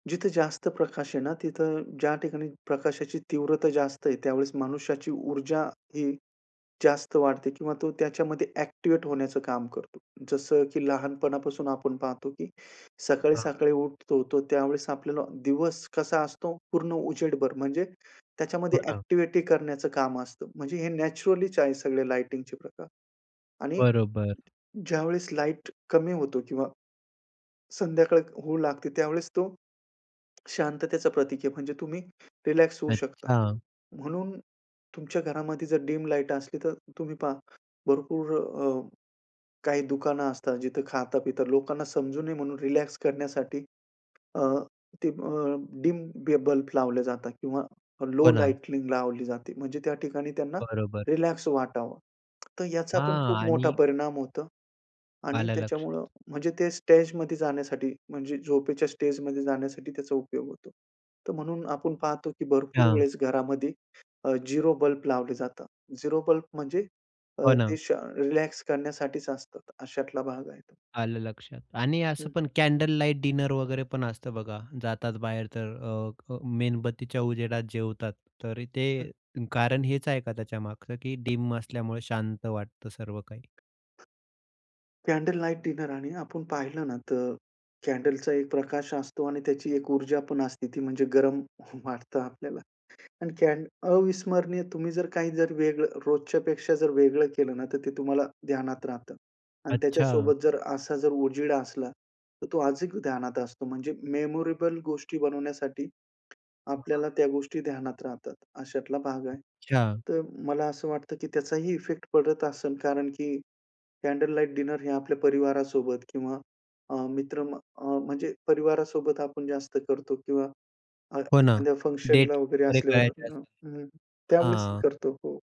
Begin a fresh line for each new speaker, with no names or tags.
जिथे जास्त प्रकाश आहे ना, तिथं ज्या ठिकाणी प्रकाशाची तीव्रता जास्त आहे, त्यावेळेस मनुष्याची ऊर्जा ही जास्त वाढते किंवा तो त्याच्यामध्ये ॲक्टिव्हेट होण्याचं काम करतो. जसं की लहानपणापासून आपण पाहतो की
हां.
सकाळी-सकाळी उठतो, तो त्यावेळेस आपल्याला दिवस कसा असतो पूर्ण उजेडभर, म्हणजे
हो
त्याच्यामध्ये
ना.
ॲक्टिव्हिटी करण्याचं काम असतं. म्हणजे हे नॅचरलीच आहे सगळे लायटिंगचे प्रकार आणि
बरोबर.
ज्यावेळेस लाईट कमी होतो किंवा, संध्याकाळ होऊ लागते त्यावेळेस तो, शांततेचं प्रतीक आहे म्हणजे तुम्ही रिलॅक्स होऊ शकता.
अच्छा.
म्हणून तुमच्या घरामध्ये जर डीम लाईट असली, तर तुम्ही पहा भरपूर अ, काही दुकानं असतात जिथं खाता-पिता, लोकांना समजू नये म्हणून रिलॅक्स करण्यासाठी अ, ते अ, डीम बी बल्ब लावले जातात किंवा लो
हो ना.
लायटलींग लावली जाते. म्हणजे त्या ठिकाणी त्यांना
बरोबर.
रिलॅक्स वाटावं. तर याचा पण
हां
खूप मोठा
आणि
परिणाम होतो आणि
आलं
त्याच्यामुळं
लक्षात.
म्हणजे ते स्टेजमध्ये जाण्यासाठी म्हणजे झोपेच्या स्टेजमध्ये जाण्यासाठी त्याचा उपयोग होतो. तर म्हणून आपण पाहतो की भरपूर
हां.
वेळेस घरामध्ये अ, झिरो बल्ब लावले जातात. झिरो बल्ब म्हणजे अ,
हो
ते
ना.
श अ, रिलॅक्स करण्यासाठीच असतात. अशातला भाग आहे तो.
आलं लक्षात आणि असं
हं.
पण कॅन्डल लाईट डिनर वगैरे पण असतं बघा, जातात बाहेर तर अ, अ, मेणबत्तीच्या उजेडात जेवतात. तरी
हं.
ते कारण हेच आहे का त्याच्या मागचं की डीम असल्यामुळे शांत वाटतं सर्व काही?
कॅन्डल लाईट डिनर आणि आपण पाहिलं ना तर कॅन्डलचा एक प्रकाश असतो आणि त्याची एक ऊर्जा पण असते, ती म्हणजे गरम वाटतं आपल्याला आणि कॅन्ड अविस्मरणीय तुम्ही जर काही जर वेगळं रोजच्यापेक्षा जर वेगळं केलं ना, तर ते तुम्हाला ध्यानात राहतं आणि
अच्छा.
त्याच्यासोबत जर असा जर उजेड असला, तर तो अधिक ध्यानात असतो, म्हणजे मेमोरेबल गोष्टी बनवण्यासाठी आपल्याला
हां.
त्या गोष्टी ध्यानात राहतात, अशातला भाग आहे.
अच्छा.
तर मला असं वाटतं की त्याचाही इफेक्ट पडत असेल, कारण की कॅन्डल लाईट डिनर हे आपल्या परिवारासोबत किंवा अ, मित्र अ, म्हणजे परिवारासोबत आपण जास्त करतो किंवा अ,
हो ना.
एखाद्या
डेट
फंक्शनला वगैरे
वगैरे
असल्यावर.
करायची
हं,
असेल
हं. त्यावेळेसही
हां.
करतो, हो.